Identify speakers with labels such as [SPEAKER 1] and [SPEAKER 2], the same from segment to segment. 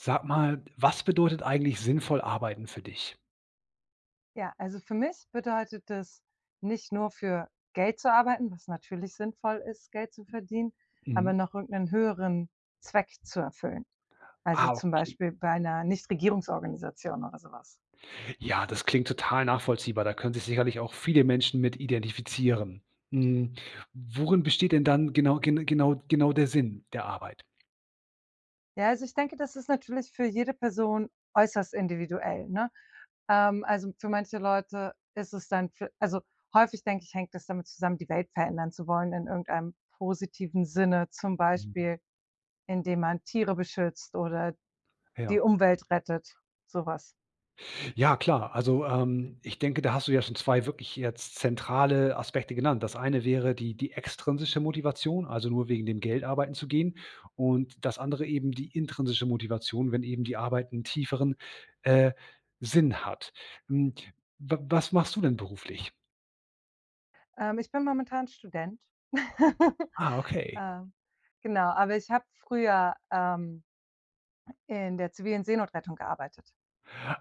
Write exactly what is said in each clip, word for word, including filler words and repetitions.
[SPEAKER 1] Sag mal, was bedeutet eigentlich sinnvoll arbeiten für dich?
[SPEAKER 2] Ja, also für mich bedeutet das, nicht nur für Geld zu arbeiten, was natürlich sinnvoll ist, Geld zu verdienen, aber
[SPEAKER 1] Mhm.
[SPEAKER 2] noch irgend 'nen höheren Zweck zu erfüllen. Also
[SPEAKER 1] Ah,
[SPEAKER 2] zum
[SPEAKER 1] okay.
[SPEAKER 2] Beispiel bei 'ner Nichtregierungsorganisation oder so was.
[SPEAKER 1] Ja, das klingt total nachvollziehbar, da können sich sicherlich auch viele Menschen mit identifizieren. Hm, worin besteht denn dann genau gen genau genau der Sinn der Arbeit?
[SPEAKER 2] Ja, also ich denke, das ist natürlich für jede Person äußerst individuell, ne? Ähm, also, für manche Leute ist es dann für also häufig denke ich, hängt das damit zusammen, die Welt verändern zu wollen in irgendeinem positiven Sinne. Zum
[SPEAKER 1] Mhm.
[SPEAKER 2] Beispiel, indem man Tiere beschützt oder die
[SPEAKER 1] Ja.
[SPEAKER 2] Umwelt rettet, so was.
[SPEAKER 1] Ja klar, also, ähm, ich denke, da hast du ja schon zwei wirklich jetzt zentrale Aspekte genannt. Das eine wäre die die extrinsische Motivation, also nur wegen dem Geld arbeiten zu gehen. Und das andere eben die intrinsische Motivation, wenn eben die Arbeit 'n tieferen, äh, Sinn hat. Hm, wa was machst du denn beruflich?
[SPEAKER 2] Ähm, ich bin momentan Student.
[SPEAKER 1] Ah, okay.
[SPEAKER 2] Äh, genau, aber ich habe früher, ähm in der zivilen Seenotrettung gearbeitet.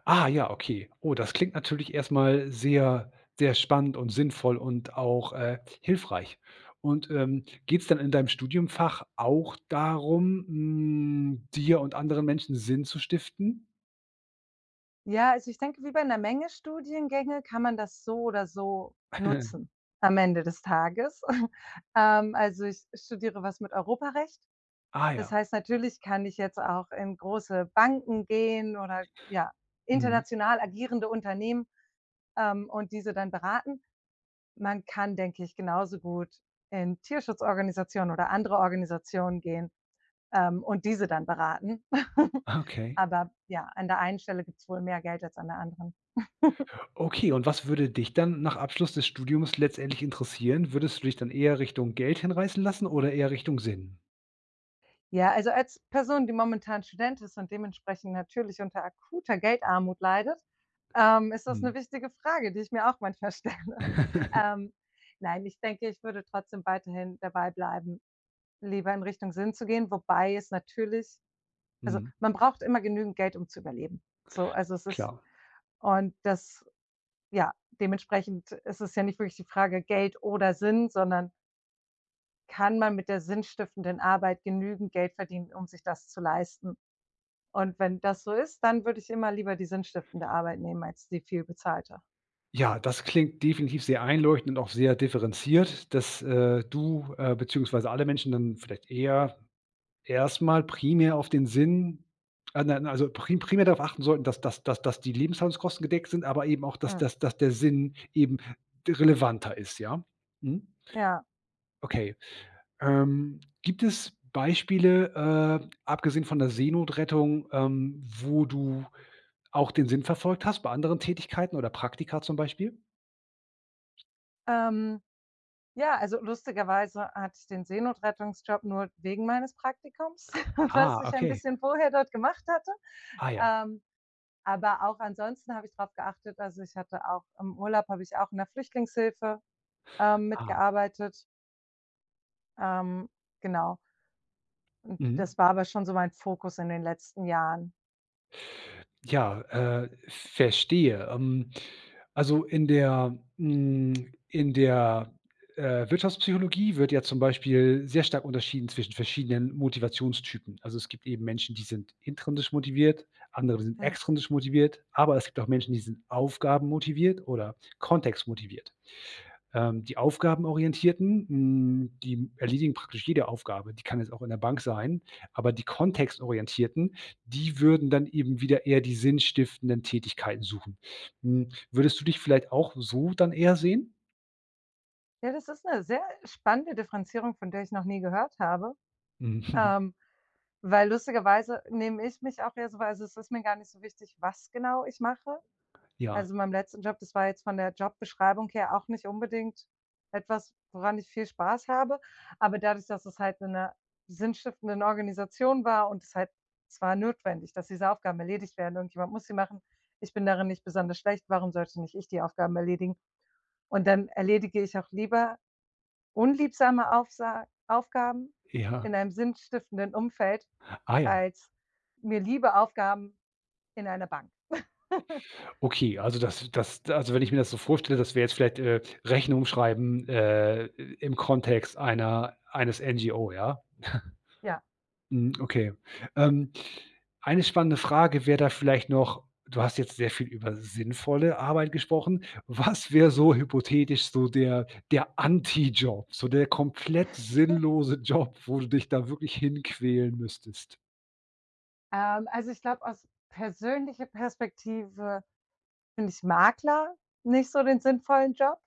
[SPEAKER 1] Ah ja, okay. Oh, das klingt natürlich erst mal sehr, sehr spannend und sinnvoll und auch, äh, hilfreich. Und, ähm, geht's dann in deinem Studiumfach auch darum, hm, dir und anderen Menschen Sinn zu stiften?
[SPEAKER 2] Ja, also ich denke, wie bei 'ner Menge Studiengänge kann man das so oder so nutzen am Ende des Tages. Ähm, also ich studiere was mit Europarecht.
[SPEAKER 1] Ah
[SPEAKER 2] Das
[SPEAKER 1] ja.
[SPEAKER 2] heißt, natürlich kann ich jetzt auch in große Banken gehen oder, ja,
[SPEAKER 1] Mhm.
[SPEAKER 2] international agierende Unternehmen, ähm, und diese dann beraten. Man kann, denke ich, genauso gut in Tierschutzorganisationen oder andere Organisationen gehen, ähm, und diese dann beraten.
[SPEAKER 1] Okay.
[SPEAKER 2] Aber ja, an der einen Stelle gibt's wohl mehr Geld als an der anderen.
[SPEAKER 1] Okay, und was würde dich dann nach Abschluss des Studiums letztendlich interessieren? Würdest du dich dann eher Richtung Geld hinreißen lassen oder eher Richtung Sinn?
[SPEAKER 2] Ja, also als Person, die momentan Student ist und dementsprechend natürlich unter akuter Geldarmut leidet, ähm, ist das ‘ne
[SPEAKER 1] Mhm.
[SPEAKER 2] wichtige Frage, die ich mir auch manchmal stelle. Ähm, nein, ich denke, ich würde trotzdem weiterhin dabei bleiben, lieber in Richtung Sinn zu gehen, wobei es natürlich also
[SPEAKER 1] Mhm.
[SPEAKER 2] man braucht immer genügend Geld, zu überleben. So, also es ist
[SPEAKER 1] Klar.
[SPEAKER 2] und das ja, dementsprechend ist es ja nicht wirklich die Frage, Geld oder Sinn, sondern kann man mit der sinnstiftenden Arbeit genügend Geld verdienen, um sich das zu leisten? Und, wenn das so ist, dann würde ich immer lieber die sinnstiftende Arbeit nehmen, als die viel bezahlte.
[SPEAKER 1] Ja, das klingt definitiv sehr einleuchtend und auch sehr differenziert, dass, äh, du, äh, beziehungsweise alle Menschen dann vielleicht eher erst mal primär auf den Sinn äh, nein, also pri primär darauf achten sollten, dass dass dass dass die Lebenshaltungskosten gedeckt sind, aber eben auch, dass
[SPEAKER 2] Hm.
[SPEAKER 1] dass dass der Sinn eben de relevanter ist, ja? Mhm.
[SPEAKER 2] Ja.
[SPEAKER 1] Okay. Ähm, gibt es Beispiele, äh, abgesehen von der Seenotrettung, ähm, wo du auch den Sinn verfolgt hast bei anderen Tätigkeiten oder Praktika zum Beispiel?
[SPEAKER 2] Ähm, ja, also lustigerweise hatte den Seenotrettungs-Job nur wegen meines Praktikums, was
[SPEAKER 1] Ah,
[SPEAKER 2] ich ein
[SPEAKER 1] okay.
[SPEAKER 2] bisschen vorher dort gemacht hatte.
[SPEAKER 1] Ah ja.
[SPEAKER 2] Ähm, aber auch ansonsten habe ich drauf geachtet, also ich hatte auch im Urlaub habe ich auch in der Flüchtlingshilfe, ähm,
[SPEAKER 1] Ah.
[SPEAKER 2] mitgearbeitet. Ähm, genau. Und
[SPEAKER 1] Mhm.
[SPEAKER 2] das war aber schon so mein Fokus in den letzten Jahren.
[SPEAKER 1] Ja, äh, verstehe. Ähm, also in der hm, in der, äh, Wirtschaftspsychologie wird ja zum Beispiel sehr stark unterschieden zwischen verschiedenen Motivationstypen. Also, es gibt eben Menschen, die sind intrinsisch motiviert, andere sind
[SPEAKER 2] Hm.
[SPEAKER 1] extrinsisch motiviert, aber es gibt auch Menschen, die sind Aufgaben-motiviert oder Kontext-motiviert. Ähm, die aufgabenorientierten, hm, die erledigen praktisch jede Aufgabe, die kann jetzt auch in der Bank sein, aber die kontextorientierten, die würden dann eben wieder eher die sinnstiftenden Tätigkeiten suchen. Hm, würdest du dich vielleicht auch so dann eher sehen?
[SPEAKER 2] Ja, das ist 'ne sehr spannende Differenzierung, von der ich noch nie gehört habe.
[SPEAKER 1] Mhm.
[SPEAKER 2] Ähm, weil lustigerweise nehme ich mich auch eher so weil es es ist mir gar nicht so wichtig, was genau ich mache.
[SPEAKER 1] Ja.
[SPEAKER 2] Also in meinem letzten Job, das war jetzt von der Jobbeschreibung her auch nicht unbedingt etwas, woran ich viel Spaß habe, aber dadurch, dass es halt in 'ner sinnstiftenden Organisation war und es halt es war notwendig, dass diese Aufgaben erledigt werden, irgendjemand muss sie machen. Ich bin darin nicht besonders schlecht, warum sollte nicht ich die Aufgaben erledigen? Und dann erledige ich auch lieber unliebsame Aufsa Aufgaben
[SPEAKER 1] Ja.
[SPEAKER 2] in einem sinnstiftenden Umfeld,
[SPEAKER 1] Ah, ja.
[SPEAKER 2] als mir liebe Aufgaben in einer Bank.
[SPEAKER 1] Okay, also das das d also wenn ich mir das so vorstelle, dass wir jetzt vielleicht, äh, Rechnungen schreiben, äh, i im Kontext einer eines NGO, ja?
[SPEAKER 2] Ja.
[SPEAKER 1] Hm, okay. Ähm, eine spannende Frage wäre da vielleicht noch: Du hast jetzt sehr viel über sinnvolle Arbeit gesprochen. Was wäre so hypothetisch so der der Anti-Job so der komplett sinnlose Job, wo du dich da wirklich hinquälen müsstest?"
[SPEAKER 2] Ähm, also ich glaube, aus persönlicher Perspektive finde ich Makler nicht so den sinnvollen Job,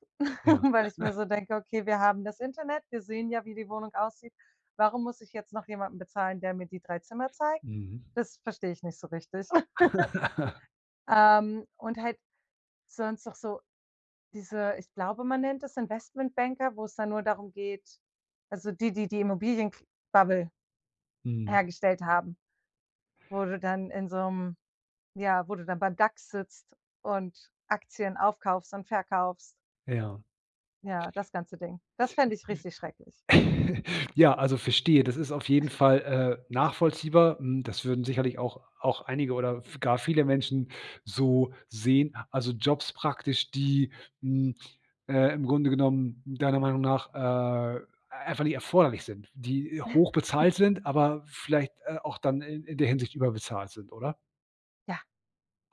[SPEAKER 1] Ja.
[SPEAKER 2] weil ich mir so denke: „Okay, wir haben das Internet, wir sehen ja, wie die Wohnung aussieht.“ Warum muss ich jetzt noch jemanden bezahlen, der mir die drei Zimmer zeigt?
[SPEAKER 1] Mhm.
[SPEAKER 2] Das verstehe ich nicht so richtig. Ähm, und halt sonst noch so diese ich glaube, man nennt das Investmentbanker, wo es dann nur darum geht also die, die die Immobilien kr Bubble
[SPEAKER 1] Mhm.
[SPEAKER 2] hergestellt haben, wo du dann in so 'nem ja, wo du dann beim DAX sitzt und Aktien aufkaufst und verkaufst.
[SPEAKER 1] Ja.
[SPEAKER 2] Ja, das ganze Ding. Das fände ich richtig schrecklich.
[SPEAKER 1] Ja, also verstehe, das ist auf jeden Fall, äh, nachvollziehbar. Hm, das würden sicherlich auch auch einige oder v gar viele Menschen so sehen. Also Jobs praktisch, die, hm, äh, im Grunde genommen, deiner Meinung nach, äh, einfach nicht erforderlich sind, die hochbezahlt sind, aber vielleicht, äh, auch dann i in der Hinsicht überbezahlt sind, oder?
[SPEAKER 2] Ja.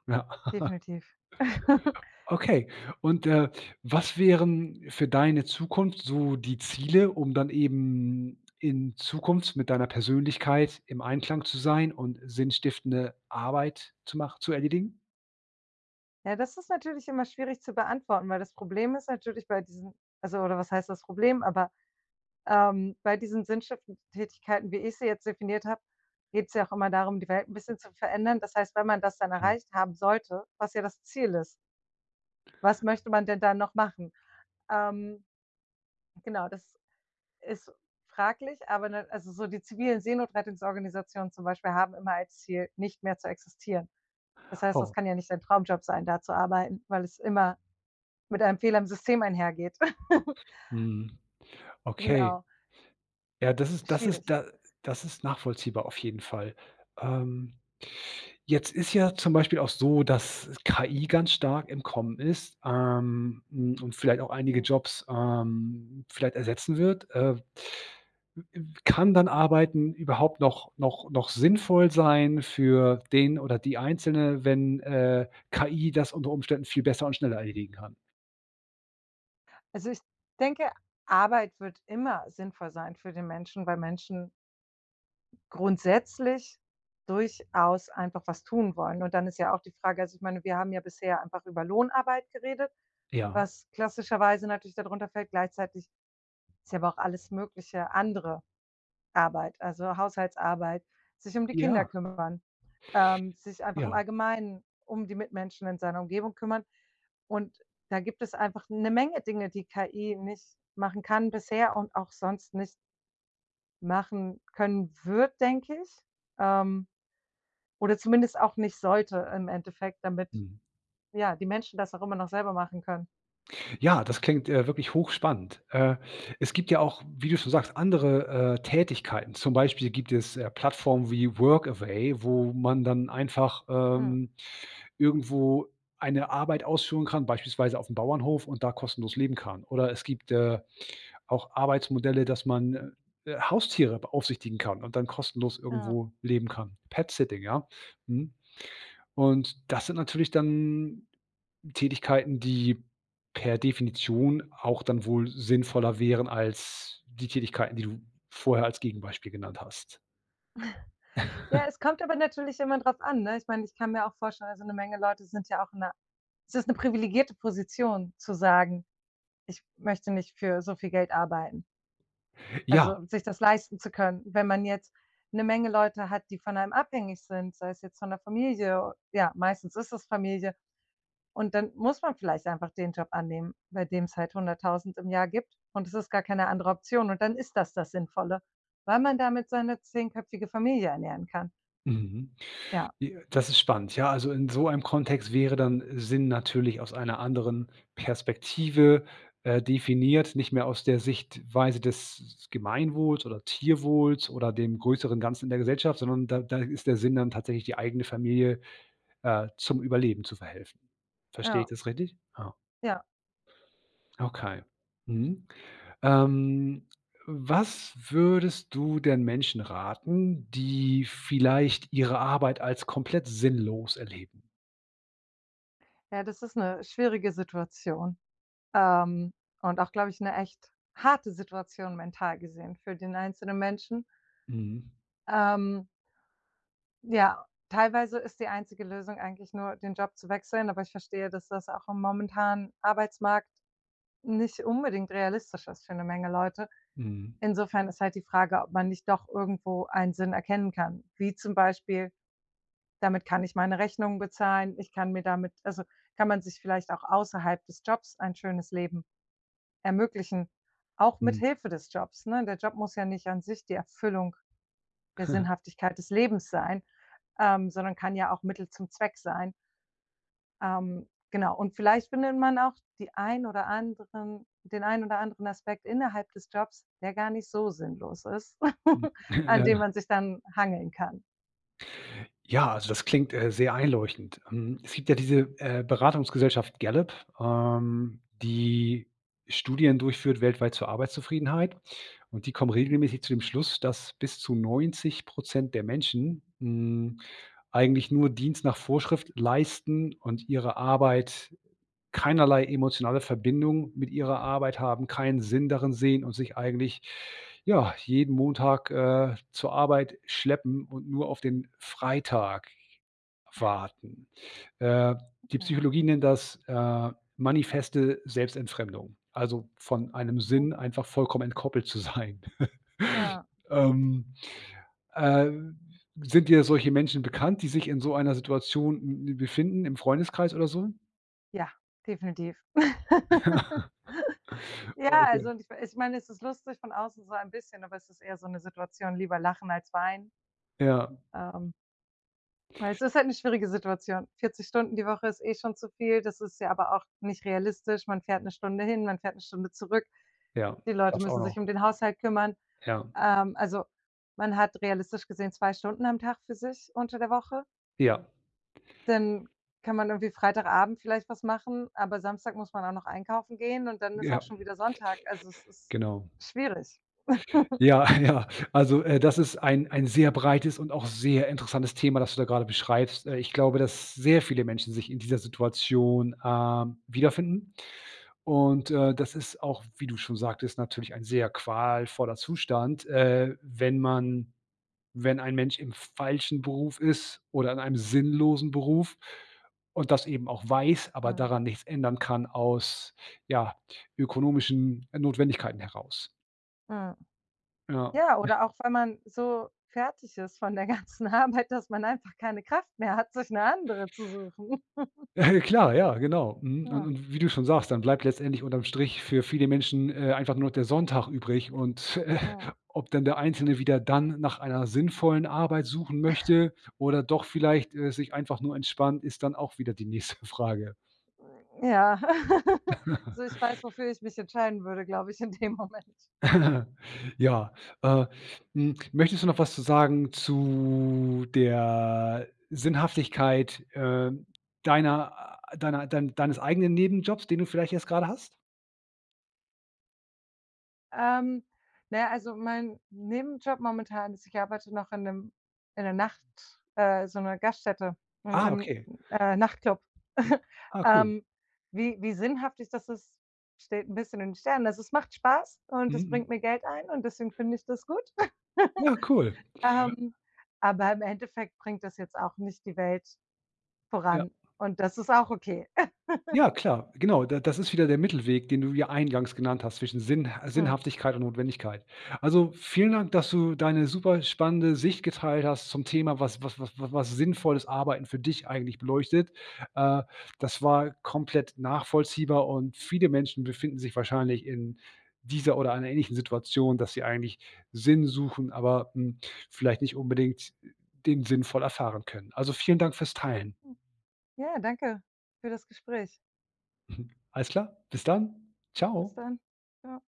[SPEAKER 1] Ja.
[SPEAKER 2] Definitiv.
[SPEAKER 1] Okay. Und, äh, was wären für deine Zukunft so die Ziele um dann eben in Zukunfts mit deiner Persönlichkeit im Einklang zu sein und sinnstiftende Arbeit zu mach zu erledigen?
[SPEAKER 2] Ja, das ist natürlich immer schwierig zu beantworten, weil das Problem ist natürlich bei diesen also oder was heißt das Problem, aber, ähm, bei diesen sinnstiftenden Tätigkeiten, wie ich sie jetzt definiert habe, geht's ja auch immer darum, die Welt 'n bisschen zu verändern. Das heißt, wenn man das dann
[SPEAKER 1] Mhm.
[SPEAKER 2] erreicht haben sollte, was ja das Ziel ist. Was möchte man denn da noch machen? Ähm genau, das ist fraglich, aber ne also so die zivilen Seenotrettungsorganisationen zum Beispiel haben immer als Ziel, nicht mehr zu existieren. Das heißt, das
[SPEAKER 1] Oh.
[SPEAKER 2] kann ja nicht dein Traumjob sein, da zu arbeiten, weil es immer mit einem Fehler im System einhergeht.
[SPEAKER 1] Mhm. Okay.
[SPEAKER 2] Genau.
[SPEAKER 1] Ja, das ist das ist
[SPEAKER 2] Schwierig.
[SPEAKER 1] da das ist nachvollziehbar auf jeden Fall. Ähm, jetzt ist ja zum Beispiel auch so, dass KI ganz stark im Kommen ist, ähm, hm, und vielleicht auch einige
[SPEAKER 2] Mhm.
[SPEAKER 1] Jobs, ähm, vielleicht ersetzen wird. Äh, [unintelligible] kann dann Arbeiten überhaupt noch noch noch sinnvoll sein für den oder die Einzelne, wenn, äh, KI das unter Umständen viel besser und schneller erledigen kann?
[SPEAKER 2] Also ich denke, Arbeit wird immer sinnvoll sein für den Menschen, weil Menschen grundsätzlich durchaus einfach was tun wollen und dann ist ja auch die Frage also ich meine, wir haben ja bisher einfach über Lohnarbeit geredet,
[SPEAKER 1] Ja.
[SPEAKER 2] was klassischer weise natürlich da drunter fällt, gleichzeitig ist ja aber auch alles Mögliche andere Arbeit. Also Haushaltsarbeit, sich um die Kinder
[SPEAKER 1] Ja.
[SPEAKER 2] kümmern, ähm, sich einfach im
[SPEAKER 1] Ja.
[SPEAKER 2] Allgemeinen um die Mitmenschen in seiner Umgebung kümmern und da gibt es einfach ‘ne Menge Dinge, die KI nicht machen kann bisher und auch sonst nicht machen können wird, denke ich. Ähm, oder zumindest auch nicht sollte im Endeffekt, damit,
[SPEAKER 1] Mhm.
[SPEAKER 2] ja, die Menschen das auch immer noch selber machen können.
[SPEAKER 1] Ja, das klingt, äh, wirklich hochspannend. Äh, es gibt ja auch, wie du schon sagst, andere, äh, Tätigkeiten. Zum Beispiel gibt es, äh, Plattformen wie „Workaway“, wo man dann einfach,
[SPEAKER 2] Hm.
[SPEAKER 1] ähm, irgendwo eine Arbeit ausführen kann, beispielsweise auf 'm Bauernhof und da kostenlos leben kann. Oder es gibt, äh, auch Arbeitsmodelle, dass man, äh, äh, Haustiere beaufsichtigen kann und dann kostenlos
[SPEAKER 2] Ja.
[SPEAKER 1] irgendwo leben kann. Petsitting, ja. Mhm, und das sind natürlich dann Tätigkeiten, die per Definition auch dann wohl sinnvoller wären als die Tätigkeiten, die du vorher als Gegenbeispiel genannt hast.
[SPEAKER 2] Ja, es kommt aber natürlich immer drauf an, ne? Ich meine, ich kann mir auch vorstellen also 'ne Menge Leute sind ja auch in 'ner Es ist 'ne privilegierte Position zu sagen: „Ich möchte nicht für so viel Geld arbeiten."
[SPEAKER 1] Ja.
[SPEAKER 2] Also, sich das leisten zu können, wenn man jetzt 'ne Menge Leute hat, die von einem abhängig sind, sei es jetzt von der Familie ja, meistens ist es Familie und dann muss man vielleicht einfach den Job annehmen, bei dem es halt hunderttausend im Jahr gibt und es ist gar keine andere Option und dann ist das das Sinnvolle, weil man damit seine zehn köpfige Familie ernähren kann.
[SPEAKER 1] Mhm.
[SPEAKER 2] Ja.
[SPEAKER 1] J das ist spannend, ja. Also, in so einem Kontext wäre dann Sinn natürlich aus einer anderen Perspektive, äh, definiert. Nicht mehr aus der Sichtweise des Gemeinwohls oder Tierwohls oder dem größeren Ganzen in der Gesellschaft, sondern da da ist der Sinn dann tatsächlich, die eigene Familie, äh, zum Überleben zu verhelfen. Verstehe ich
[SPEAKER 2] Ja.
[SPEAKER 1] das richtig? Ja.
[SPEAKER 2] Ja.
[SPEAKER 1] Okay. Mhm. Ähm, was würdest du denn Menschen raten, die vielleicht ihre Arbeit als komplett sinnlos erleben?
[SPEAKER 2] Ja, das ist 'ne schwierige Situation, ähm, und auch glaube ich 'ne echt harte Situation mental gesehen für den einzelnen Menschen.
[SPEAKER 1] Mhm.
[SPEAKER 2] Ähm. Ja, teilweise ist die einzige Lösung eigentlich nur den Job zu wechseln, aber ich verstehe, dass das auch am momentanen Arbeitsmarkt nicht unbedingt realistisch ist für 'ne Menge Leute.
[SPEAKER 1] Mhm.
[SPEAKER 2] Insofern ist halt die Frage, ob man nicht doch irgendwo einen Sinn erkennen kann, wie zum Beispiel: Damit kann ich meine Rechnungen bezahlen, ich kann mir damit also kann man sich vielleicht auch außerhalb des Jobs ein schönes Leben ermöglichen, auch
[SPEAKER 1] Hm.
[SPEAKER 2] mithilfe des Jobs, ne? Der Job muss ja nicht an sich die Erfüllung der Sinnhaftigkeit des Lebens sein, ähm, sondern kann ja auch Mittel zum Zweck sein. Ähm, genau und vielleicht findet man auch die ein oder anderen den ein oder anderen Aspekt innerhalb des Jobs, der gar nicht so sinnlos ist,
[SPEAKER 1] Hm,
[SPEAKER 2] an dem
[SPEAKER 1] ja.
[SPEAKER 2] man sich dann hangeln kann.
[SPEAKER 1] Ja, also das klingt, äh, sehr einleuchtend. Ähm, es gibt ja diese, äh, Beratungsgesellschaft Gallup, ähm, die Studien durchführt weltweit zur Arbeitszufriedenheit. Und die kommen
[SPEAKER 2] Hm.
[SPEAKER 1] regelmäßig zu dem Schluss, dass bis zu neunzig Prozent der Menschen, hm, eigentlich nur Dienst nach Vorschrift leisten und ihre Arbeit keinerlei emotionale Verbindung mit ihrer Arbeit haben, keinen Sinn darin sehen und sich eigentlich ja, jeden Montag, äh, zur Arbeit schleppen und nur auf den Freitag warten. Äh, die
[SPEAKER 2] [unintelligible]
[SPEAKER 1] Psychologie nennt das, äh, manifeste Selbstentfremdung. Also, von einem
[SPEAKER 2] Oh.
[SPEAKER 1] Sinn einfach vollkommen entkoppelt zu sein.
[SPEAKER 2] Ja.
[SPEAKER 1] Ähm, äh, sind dir solche Menschen bekannt, die sich in so einer Situation [unintelligible] befinden, im Freundeskreis oder so?
[SPEAKER 2] Ja, definitiv. Ja, also
[SPEAKER 1] Okay.
[SPEAKER 2] und ich ich meine es ist lustig von außen so ein bisschen, aber es ist eher so 'ne Situation, lieber lachen als weinen.
[SPEAKER 1] Ja.
[SPEAKER 2] Ähm Weil es ist halt 'ne schwierige Situation. vierzig Stunden die Woche ist eh schon zu viel, das ist ja aber auch nicht realistisch. Man fährt 'ne Stunde hin, man fährt 'ne Stunde zurück.
[SPEAKER 1] Ja,
[SPEAKER 2] Die Leute
[SPEAKER 1] gab's auch
[SPEAKER 2] müssen
[SPEAKER 1] noch.
[SPEAKER 2] sich um den Haushalt kümmern.
[SPEAKER 1] Ja.
[SPEAKER 2] Ähm, also man hat realistisch gesehen zwei Stunden am Tag für sich unter der Woche.
[SPEAKER 1] Ja.
[SPEAKER 2] Dann kann man irgendwie Freitagabend vielleicht was machen, aber Samstag muss man auch noch einkaufen gehen und dann ist auch
[SPEAKER 1] Ja.
[SPEAKER 2] schon wieder Sonntag. Also es ist
[SPEAKER 1] Genau.
[SPEAKER 2] schwierig.
[SPEAKER 1] Ja, ja. Also, äh, das ist ein ein sehr breites und auch sehr interessantes Thema, das du da grade beschreibst. Äh, ich glaube, dass sehr viele Menschen sich in dieser Situation, ähm, wiederfinden. Und, äh, das ist auch, wie du schon sagtest, natürlich ein sehr qualvoller Zustand, äh, wenn man wenn ein Mensch im falschen Beruf ist oder in einem sinnlosen Beruf und das eben auch weiß, aber
[SPEAKER 2] Mhm.
[SPEAKER 1] daran nichts ändern kann aus, ja, ökonomischen Notwendigkeiten heraus.
[SPEAKER 2] Mhm.
[SPEAKER 1] Ja.
[SPEAKER 2] Ja oder auch, wenn man so fertig ist von der ganzen Arbeit, dass man einfach keine Kraft mehr hat, sich 'ne andere zu suchen.
[SPEAKER 1] Klar, ja, genau. Mhm, un
[SPEAKER 2] Ah.
[SPEAKER 1] und wie du schon sagst, dann bleibt letztendlich unterm Strich für viele Menschen, äh, einfach nur noch der Sonntag übrig. Und
[SPEAKER 2] Oh.
[SPEAKER 1] ob denn der Einzelne wieder dann nach einer sinnvollen Arbeit suchen möchte oder doch vielleicht, äh, sich einfach nur entspannt, ist dann auch wieder die nächste Frage.
[SPEAKER 2] Ja, so ich weiß, wofür ich mich entscheiden würde, glaube ich, in dem Moment.
[SPEAKER 1] Ja, äh, hm, möchtest du noch was zu sagen zu der Sinnhaftigkeit, ähm, deiner, a deiner dein deines eigenen Nebenjobs, den du vielleicht jetzt grade hast?
[SPEAKER 2] Ähm, na ja, also mein Nebenjob momentan ist ich arbeite noch in 'nem in 'ner Nacht äh, so 'ner Gaststätte mit
[SPEAKER 1] Ah,
[SPEAKER 2] 'nem,
[SPEAKER 1] okay.
[SPEAKER 2] äh, Nachtclub.
[SPEAKER 1] Ah, cool.
[SPEAKER 2] Ähm, wie wie sinnhaftig das ist, steht 'n bisschen in den Sternen. Also, es macht Spaß und
[SPEAKER 1] Mhm.
[SPEAKER 2] es
[SPEAKER 1] Mhm.
[SPEAKER 2] bringt mir Geld ein und deswegen finde ich das gut.
[SPEAKER 1] Ja, cool.
[SPEAKER 2] Ähm, aber im Endeffekt bringt das jetzt auch nicht die Welt
[SPEAKER 1] Ja.
[SPEAKER 2] voran und das ist auch okay.
[SPEAKER 1] Ja, klar. Genau, da das ist wieder der Mittelweg, den du hier eingangs genannt hast zwischen Sinnh
[SPEAKER 2] Mhm.
[SPEAKER 1] Sinnhaftigkeit und Notwendigkeit. Also vielen Dank, dass du deine super spannende Sicht geteilt hast zum Thema, was was was was was sinnvolles Arbeiten für dich eigentlich beleuchtet. Äh, das war komplett nachvollziehbar. Und viele Menschen befinden sich wahrscheinlich in dieser oder einer ähnlichen Situation, dass sie eigentlich Sinn suchen, aber, hm, vielleicht nicht unbedingt den sinnvoll erfahren können. Also vielen Dank fürs Teilen.
[SPEAKER 2] Hm. Ja, danke für das Gespräch.
[SPEAKER 1] Alles klar. Bis dann.
[SPEAKER 2] Bis
[SPEAKER 1] Tschau.
[SPEAKER 2] dann. Tschau.